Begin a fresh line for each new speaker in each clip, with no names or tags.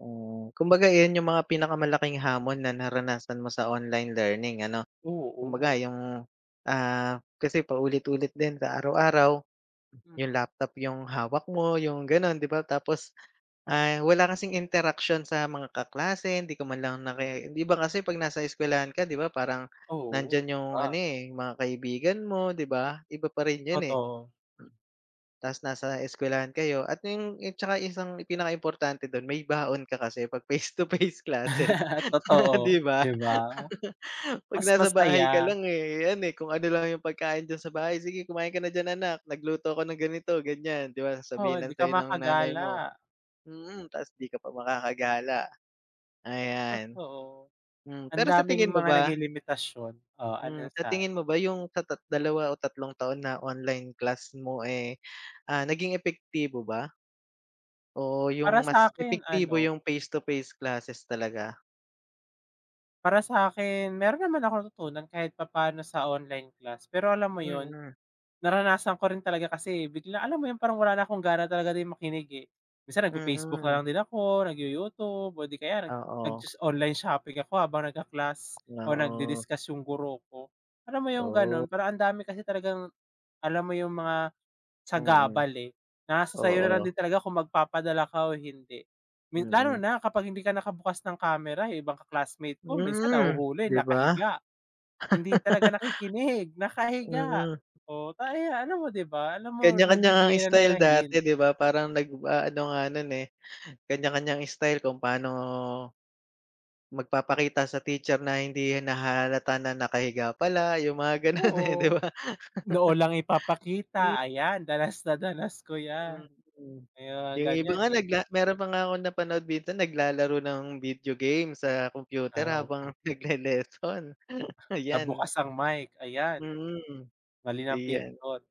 Ah. Kumbaga iyan 'yong mga pinakamalaking hamon na naranasan mo sa online learning, ano? Kumbaga
Oo.
'yong, ah, kasi paulit-ulit din sa araw-araw. 'Yong
Mm.
laptop 'yong hawak mo, 'yong gano'n, 'di ba? Tapos, ah, wala kasing interaksyon sa mga kaklase, hindi ka man lang naki 'di ba kasi 'pag nasa eskwelahan ka, 'di ba parang
Oo,
nandiyan 'yong ano,
iba.
eh, 'yong mga kaibigan mo, 'di ba? Iba pa rin 'yon, eh.
Totoo.
Tas nasa eskwelahan kayo at 'yong 'yong 'tsaka isang i pinakaimportante do'n, may baon ka kasi 'pag face-to-face classes,
Totoo,
di ba?
'di ba?
'Pag
Mas
nasa
masaya.
bahay ka lang, eh, ayan, eh, kung ano lang 'yong pagkain diyan sa bahay, "Sige, kumain ka na diyan, anak. Nagluto ako ng ganito, ganiyan." 'Di ba
Oo,
sasabihin lang
hindi ka
sa'yo ng nanay mo.
makagala.
Mm, tas 'di ka pa makakagala. Ayan.
Totoo.
Hmm,
Ang
pero sa
daming
tingin mo
mga
ba
naging limitasyon. Oh,
Hmm,
ano,
sa
sa ano?
tingin mo ba 'yong sa tat dalawa o tatlong taon na online class mo, eh, ah, naging epektibo ba? O 'yong
Para sa
mas
akin
epektibo
ano
'yong face-to-face classes talaga?
Para sa akin, meron naman akong natutunan kahit papaano sa online class. Pero alam mo 'yon,
Mm.
naranasan ko rin talaga kasi, eh, bigla alam mo 'yon, parang wala na akong gana talaga din makinig, eh. Minsan nag-fe-Facebook na
Mm.
lang din ako, nag-you-YouTube o 'di kaya nag
Oo.
nag-sho online shopping ako habang nagka-class o
Oo.
nag-di-discuss yung guro ko. Alam mo 'yong gano'n?
Oh.
Parang ang dami kasi talagang alam mo 'yong mga
Mm.
sagabal, eh. Nasa sa'yo na lang
Oo.
din talaga kung magpapadala ka o hindi. Mi lalo
Mm.
na kapag hindi ka nakabukas ng camera, eh. Ibang ka-classmate ko minsan
Hmm,
nahuhuli
'di ba?
nakahiga. Hindi talaga nakikinig, nakahiga.
Mm.
Oh, ta ya alam mo, 'di ba? Alam mo,
Kanya-kanya ngang
nagbibigay na na 'yon
istyle
ng
dati,
hint.
'di ba? Parang nagw aano nga no'n, eh, kanya-kanyang istyle kung paano magpapakita sa teacher na hindi nahahalata na nakahiga pala, 'yong mga gano'n, eh, 'di
Oo,
ba?
noo lang
Hmm.
ipapakita. Ayan danas na danas ko 'yan.
Mm.
May mga
'Yong iba
ganiyan,
nga
eh.
nagla meron pa nga akong napanood dito naglalaro ng video game sa
Ah,
kompyuter
o
habang nagle-lesson,
'Pag
ayan.
bukas ang mic, ayan.
Mm,
Mali ng
iyan.
pinindot.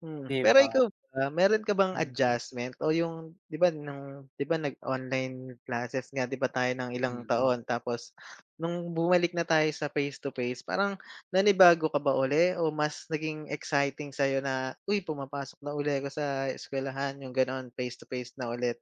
Hmm,
'Di
pero
ba?
ikaw ba, meron ka bang
Hmm.
adjustment o 'yong 'di ba no'ng 'di ba nag-online classes nga 'di ba tayo nang ilang
Hmm.
taon? Tapos no'ng bumalik na tayo sa face-to-face, parang nanibago ka ba uli o mas naging exciting sa'yo na, "Uy, pumapasok na uli ako sa eskwelahan." 'Yong gano'n, face-to-face na ulit?